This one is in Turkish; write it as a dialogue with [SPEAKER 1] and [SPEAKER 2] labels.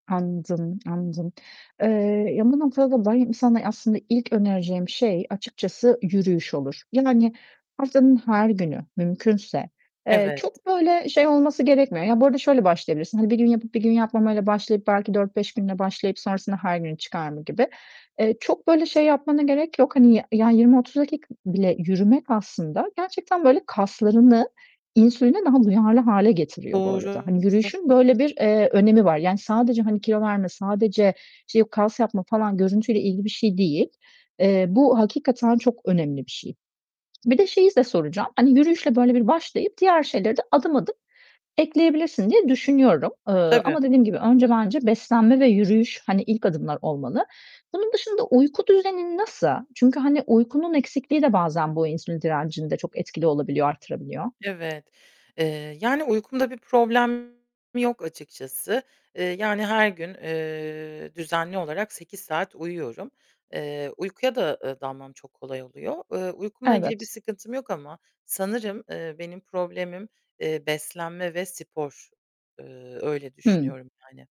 [SPEAKER 1] Anladım, anladım. Eee, ya bu noktada da benim sana aslında ilk önereceğim şey açıkçası yürüyüş olur. Yani haftanın her günü mümkünse. Eee,
[SPEAKER 2] Evet.
[SPEAKER 1] çok böyle şey olması gerekmiyor. Ya, bu arada şöyle başlayabilirsin: Hani, 1 gün yapıp 1 gün yapmamayla başlayıp, belki 4-5 günle başlayıp sonrasında her güne çıkarma gibi. Eee, çok böyle şey yapmana gerek yok. Hani, y ya 20-30 dakika bile yürümek aslında gerçekten böyle kaslarını insüline daha duyarlı hâle getiriyor bu
[SPEAKER 2] Doğru.
[SPEAKER 1] arada. Hani
[SPEAKER 2] Hı.
[SPEAKER 1] yürüyüşün böyle bir, eee, önemi var. Yani sadece hani kilo verme, sadece şey yok kas yapma falan görüntüyle ilgili bir şey değil. Eee, bu hakikaten çok önemli bir şey. Bir de şeyi de soracağım. Hani, yürüyüşle böyle bir başlayıp diğer şeyleri de adım adım ekleyebilirsin diye düşünüyorum. Eee,
[SPEAKER 2] Tabii.
[SPEAKER 1] ama dediğim gibi önce bence beslenme ve yürüyüş hani ilk adımlar olmalı. Bunun dışında uyku düzenin nasıl? Çünkü hani uykunun eksikliği de bazen bu insülin direncinde çok etkili olabiliyor, artırabiliyor.
[SPEAKER 2] Evet, eee, yani uykumda bir problem yok açıkçası. Eee, yani her gün, eee, düzenli olarak 8 saat uyuyorum. Eee, uykuya da, eee, dalmam çok kolay oluyor. Eee, uykumla ilgili bir
[SPEAKER 1] Evet.
[SPEAKER 2] sıkıntım yok ama sanırım, eee, benim problemim, eee, beslenme ve spor. Eee, öyle
[SPEAKER 1] Hımm.
[SPEAKER 2] düşünüyorum yani.